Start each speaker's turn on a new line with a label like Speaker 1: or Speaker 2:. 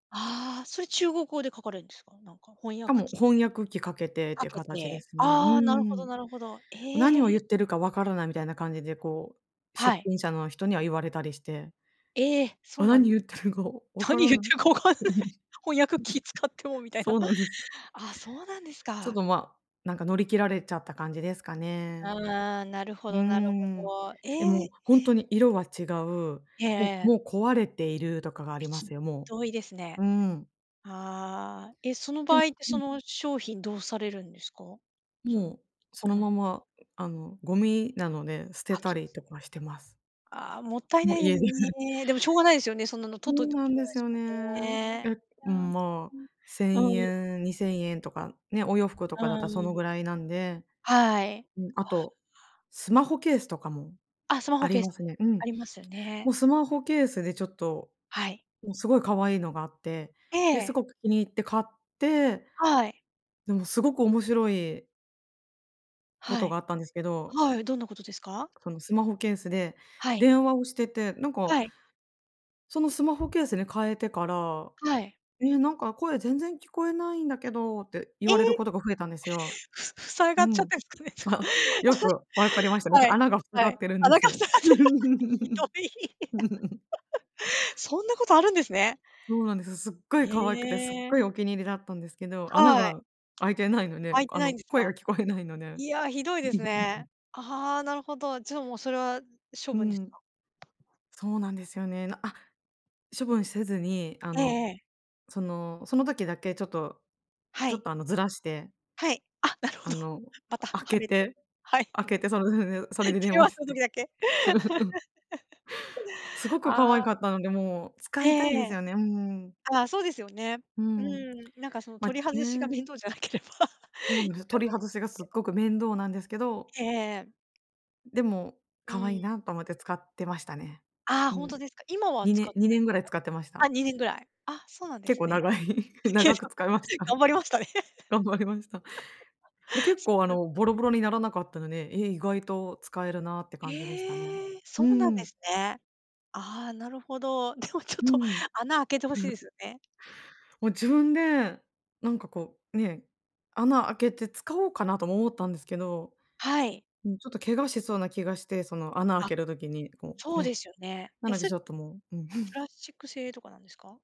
Speaker 1: ああ、それ中国語で書かれるんですか？なんか翻
Speaker 2: しか
Speaker 1: 訳
Speaker 2: も
Speaker 1: 機か
Speaker 2: 翻
Speaker 1: けて
Speaker 2: 訳機かけてって
Speaker 1: とか
Speaker 2: いう
Speaker 1: け
Speaker 2: 形で
Speaker 1: て、
Speaker 2: すね。う
Speaker 1: ああ、なるほど
Speaker 2: ん。
Speaker 1: なるほど。え
Speaker 2: 何を言
Speaker 1: え。
Speaker 2: ってるかわからないみたいな感じでこう、
Speaker 1: は
Speaker 2: 出
Speaker 1: い。
Speaker 2: 品者の人には言われたりして。
Speaker 1: ええ、そう
Speaker 2: あ
Speaker 1: なん
Speaker 2: 何
Speaker 1: です
Speaker 2: 言ってるかわ
Speaker 1: か。
Speaker 2: か
Speaker 1: 何
Speaker 2: ら
Speaker 1: 言っ
Speaker 2: な
Speaker 1: て
Speaker 2: い。
Speaker 1: るか分からない。翻訳機使ってもみたいな。
Speaker 2: そうなんです。
Speaker 1: あ、そうなんです
Speaker 2: ちょっ
Speaker 1: か。
Speaker 2: とま、なんか乗り切られちゃった感じですかね。
Speaker 1: ああ、なるほ
Speaker 2: うー
Speaker 1: どなるほ
Speaker 2: ん、
Speaker 1: ど。
Speaker 2: え、
Speaker 1: え
Speaker 2: もう
Speaker 1: え。
Speaker 2: 本当に色は違う、
Speaker 1: へ
Speaker 2: もう
Speaker 1: え。
Speaker 2: もう壊れているとかがあ
Speaker 1: ぴ
Speaker 2: りま
Speaker 1: ち
Speaker 2: すよ、も
Speaker 1: どいですね。
Speaker 2: う。うん。
Speaker 1: ああ、え、その
Speaker 2: で
Speaker 1: 場
Speaker 2: も
Speaker 1: 合って
Speaker 2: う
Speaker 1: そ
Speaker 2: ん。
Speaker 1: の商品どうされるんですか？その
Speaker 2: もうその
Speaker 1: うん。
Speaker 2: まま、あの、ゴミなので、捨て
Speaker 1: 破
Speaker 2: た
Speaker 1: 棄。
Speaker 2: りとかしてます。
Speaker 1: ああ、もったい
Speaker 2: も
Speaker 1: な
Speaker 2: う
Speaker 1: いで
Speaker 2: 家
Speaker 1: すよ
Speaker 2: で。
Speaker 1: ね。でもしょうがないですよね、そんなの
Speaker 2: そ
Speaker 1: 取っとい
Speaker 2: う
Speaker 1: ても
Speaker 2: な
Speaker 1: し
Speaker 2: ん
Speaker 1: ょう
Speaker 2: で
Speaker 1: ないで
Speaker 2: す
Speaker 1: す
Speaker 2: よ
Speaker 1: もん
Speaker 2: ね。
Speaker 1: ね。
Speaker 2: え、ま、
Speaker 1: うん。
Speaker 2: せ
Speaker 1: う
Speaker 2: ん
Speaker 1: ん。うん。
Speaker 2: えんにせんえんとかね、お洋服と
Speaker 1: う
Speaker 2: かだったらその
Speaker 1: ん。
Speaker 2: ぐらいなんで、
Speaker 1: はい。
Speaker 2: うん、あと、スマホケースとかも
Speaker 1: あ、スマ
Speaker 2: あ
Speaker 1: ホ
Speaker 2: り
Speaker 1: ケー
Speaker 2: ま
Speaker 1: ス、
Speaker 2: すね。うん。
Speaker 1: ありますよ
Speaker 2: も
Speaker 1: ね。
Speaker 2: うスマホケースでちょっと、
Speaker 1: はい。
Speaker 2: もうすごい可愛いのがあって、
Speaker 1: え
Speaker 2: で、す
Speaker 1: え。
Speaker 2: ごく気に入って買って。
Speaker 1: はい。
Speaker 2: でもすごく面白いこ
Speaker 1: は
Speaker 2: とが
Speaker 1: い、
Speaker 2: あったんですけど。
Speaker 1: はい、どんなことですか？
Speaker 2: そのスマホケースで
Speaker 1: はい。
Speaker 2: 電話をしてて、なんか。
Speaker 1: はい。
Speaker 2: そのスマホケースに変えてから、
Speaker 1: はい。
Speaker 2: 「ええ、なんか声全然聞こえないんだけど」って言
Speaker 1: え、
Speaker 2: われることが増えたんですよ。
Speaker 1: ふ塞
Speaker 2: う
Speaker 1: がっちゃっ
Speaker 2: ん。
Speaker 1: てるんですか
Speaker 2: あ、
Speaker 1: ねと
Speaker 2: よく分かりましたね。
Speaker 1: か。はい。
Speaker 2: 穴が塞が
Speaker 1: は
Speaker 2: っ
Speaker 1: い。
Speaker 2: てるんで
Speaker 1: 穴が塞
Speaker 2: す。
Speaker 1: がってる。ひどい。そんなことあるんですね。
Speaker 2: そうなんです。すっごい可愛くてすっ
Speaker 1: ええ。
Speaker 2: ごいお気に入りだったんですけど、穴
Speaker 1: はい。
Speaker 2: が開いてないので、
Speaker 1: 開いて
Speaker 2: あ
Speaker 1: ない
Speaker 2: の
Speaker 1: んです
Speaker 2: 声が
Speaker 1: か？
Speaker 2: 聞こえないので。
Speaker 1: いや、ひどいですね。ああ、なるほど。じゃあもうそれは処
Speaker 2: う
Speaker 1: 分です
Speaker 2: ん。
Speaker 1: か。
Speaker 2: そうなんですよね。なあ、処分せずに、あ
Speaker 1: ええ
Speaker 2: の、
Speaker 1: ええ。
Speaker 2: その、その時だけちょっと、
Speaker 1: は
Speaker 2: ちょ
Speaker 1: い。
Speaker 2: っとあのずらして
Speaker 1: はい、あ、なるほ
Speaker 2: あ
Speaker 1: ど。
Speaker 2: の
Speaker 1: また
Speaker 2: 開
Speaker 1: は
Speaker 2: け
Speaker 1: めて、
Speaker 2: て、
Speaker 1: はい。
Speaker 2: 開けてそれででん、それで電
Speaker 1: 電話
Speaker 2: 話
Speaker 1: す
Speaker 2: し
Speaker 1: る
Speaker 2: て。
Speaker 1: 時だけ？
Speaker 2: すご く
Speaker 1: あ
Speaker 2: 可愛
Speaker 1: あ。
Speaker 2: かったので、もう使
Speaker 1: え
Speaker 2: い
Speaker 1: え
Speaker 2: たいんで
Speaker 1: え
Speaker 2: す
Speaker 1: え。
Speaker 2: よね。うん。
Speaker 1: あ、そうですよね。
Speaker 2: う
Speaker 1: う
Speaker 2: ん、
Speaker 1: ん、なんかその
Speaker 2: ま
Speaker 1: 取
Speaker 2: あ、
Speaker 1: り外しが
Speaker 2: ね。
Speaker 1: 面倒じゃなければ
Speaker 2: そ う
Speaker 1: い
Speaker 2: で
Speaker 1: い
Speaker 2: す、
Speaker 1: か
Speaker 2: 取り
Speaker 1: なと
Speaker 2: 外
Speaker 1: 思い
Speaker 2: しがすっ
Speaker 1: ますけ
Speaker 2: ご
Speaker 1: ど。
Speaker 2: く面倒なんですけど
Speaker 1: ええええ。
Speaker 2: でも
Speaker 1: う
Speaker 2: 可愛い
Speaker 1: ん。
Speaker 2: なと思って使ってましたね。
Speaker 1: ああ、
Speaker 2: う
Speaker 1: 本当
Speaker 2: ん。
Speaker 1: ですか？今は
Speaker 2: に
Speaker 1: 使っ
Speaker 2: ね
Speaker 1: て
Speaker 2: に
Speaker 1: ない
Speaker 2: ね
Speaker 1: ん
Speaker 2: ん
Speaker 1: です
Speaker 2: ぐらい使ってまし
Speaker 1: か？あ、
Speaker 2: た。
Speaker 1: 2年ぐらい。あ、そうなんで
Speaker 2: 結
Speaker 1: す
Speaker 2: 構
Speaker 1: ね。
Speaker 2: 長い、長く使いました。
Speaker 1: 頑 張りましたね。
Speaker 2: 頑張りました。で 結
Speaker 1: そう
Speaker 2: 構あ
Speaker 1: なんで
Speaker 2: のボ
Speaker 1: す
Speaker 2: ロ
Speaker 1: ね。
Speaker 2: ボロにならなかったので、え、意外と使えるなって感じでしたね。
Speaker 1: ええ、そ
Speaker 2: う
Speaker 1: うなんで
Speaker 2: ん。
Speaker 1: すね。ああ、なるほど。でもちょっ
Speaker 2: う
Speaker 1: と
Speaker 2: ん。
Speaker 1: 穴開けて欲
Speaker 2: う
Speaker 1: しいで
Speaker 2: ふ。
Speaker 1: すよね。
Speaker 2: もう自分で、なんかこうね、穴開けて使おうかなとも思ったんですけど。
Speaker 1: はい。
Speaker 2: うん、ちょっと怪我しそうな気がして、その穴を
Speaker 1: あ、
Speaker 2: 開ける時に、こ
Speaker 1: そ
Speaker 2: う、
Speaker 1: うで
Speaker 2: ね。
Speaker 1: すよね。
Speaker 2: な
Speaker 1: え、
Speaker 2: ので
Speaker 1: それ、
Speaker 2: ちょっともう、うん。
Speaker 1: プ ラスチック製とかなんですか？